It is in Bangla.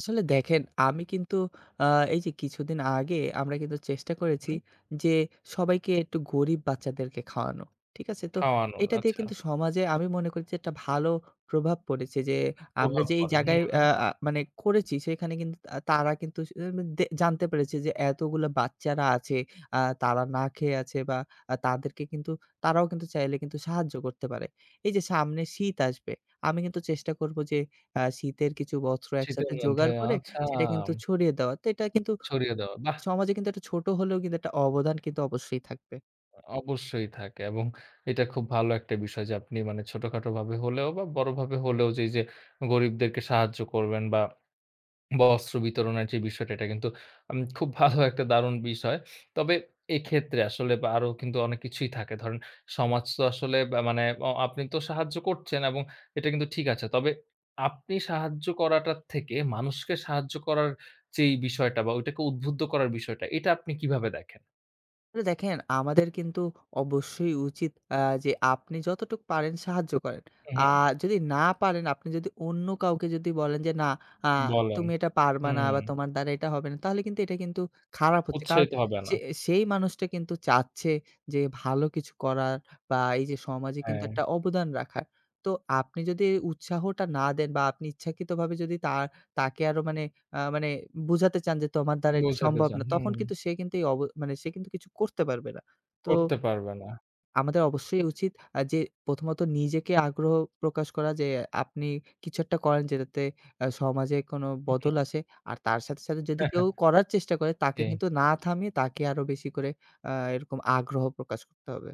আসলে দেখেন, আমি কিন্তু আ এই যে কিছুদিন আগে আমরা কিন্তু চেষ্টা করেছি, হুম। যে সবাইকে একটু গরিব বাচ্চাদেরকে খাওয়ানো। ঠিক আছে? তো খাওয়ানোর, এটা দিয়ে আচ্ছা। কিন্তু সমাজে আমি মনে করছি একটা ভালো প্রভাব পড়েছে, যে আমরা প্রভাব যে এই পড়ে। জায়গায় আ হুম। আ মানে করেছি সেখানে কিন্তু আ তারা কিন্তু আসলে উ মেন দে জানতে পেরেছে যে এতগুলা বাচ্চারা আছে, আ তারা না খেয়ে আছে বা আ তাদেরকে কিন্তু তারাও কিন্তু চাইলে কিন্তু সাহায্য করতে পারে। এই যে সামনে শীত আসবে, আমি কিন্তু চেষ্টা করবো যে আ শীতের কিছু বস্ত্র শীতের একসাথে মধ্যে। জোগাড় করে আচ্ছা। সেটা কিন্তু ছড়িয়ে দেওয়া। তো এটা কিন্তু, ছড়িয়ে দেওয়া। বাহ। সমাজে কিন্তু একটা ছোট হলেও কিন্তু একটা অবদান কিন্তু অবশ্যই থাকবে। অবশ্যই থাকে। এবং এটা খুব ভালো একটা বিষয়, যে আপনি মানে ছোটখাটো ভাবে হলেও বা বড়ভাবে হলেও যেই, যে গরিবদেরকে সাহায্য করবেন। বা বস্ত্র বিতরণের যে বিষয়টা, এটা কিন্তু উম খুব ভালো একটা দারুণ বিষয়। তবে এক্ষেত্রে আসলে বা আরো অনেক কিছুই থাকে। ধরেন সমাজ তো আসলে বা মানে অ আপনি তো সাহায্য করছেন এবং এটা কিন্তু ঠিক আছে। তবে আপনি সাহায্য করাটা থেকে মানুষকে সাহায্য করার যেই বিষয়টা বা ওইটাকে উদ্বুদ্ধ করার বিষয়টা, এটা আপনি কিভাবে দেখেন? তো দেখেন আমাদের কিন্তু অবশ্যই উচিত আ যে আপনি যতটুকু পারেন সাহায্য করেন। উ, আ হুম। যদি না পারেন, আপনি যদি অন্য কাউকে যদি বলেন যে "না আ বলেন, তুমি এটা হু, পারবা না বা হুম। তোমার দ্বারা এটা হবে না তাহলে কিন্তু এটা কিন্তু খারাপ হচ্ছে।" কারণ উৎসাহিত হবে সে না। সেই মানুষটা কিন্তু চাচ্ছে, যে ভালো কিছু করার বা এই যে সমাজে কিন্তু হ্যাঁ। একটা অবদান রাখার। তো আপনি যদি উৎসাহটা না দেন বা আপনি ইচ্ছাকৃতভাবে যদি তা তাকে আরো মানে আ মানে বোঝাতে চান যে তোমার দ্বারা এটা বোঝাতে সম্ভব চান। না, হুম, তখন হুম। কিন্তু সে কিন্তু এ অব মানে সে কিন্তু কিছু করতে পারবে না। তো করতে পারবে না। আমাদের অবশ্যই উচিত আ যে প্রথমত নিজেকে আগ্রহ প্রকাশ করা যে, আপনি কিছু একটা করা যেটাতে এ্যা সমাজে কোনো হু, বদল হুম। আসে। আর তার সাথে, সাথে, যদি কেউ করার চেষ্টা করে তাকে জি। কিন্তু না থামিয়ে তাকে আরো বেশি করে আ এরকম আগ্রহ প্রকাশ করতে হবে।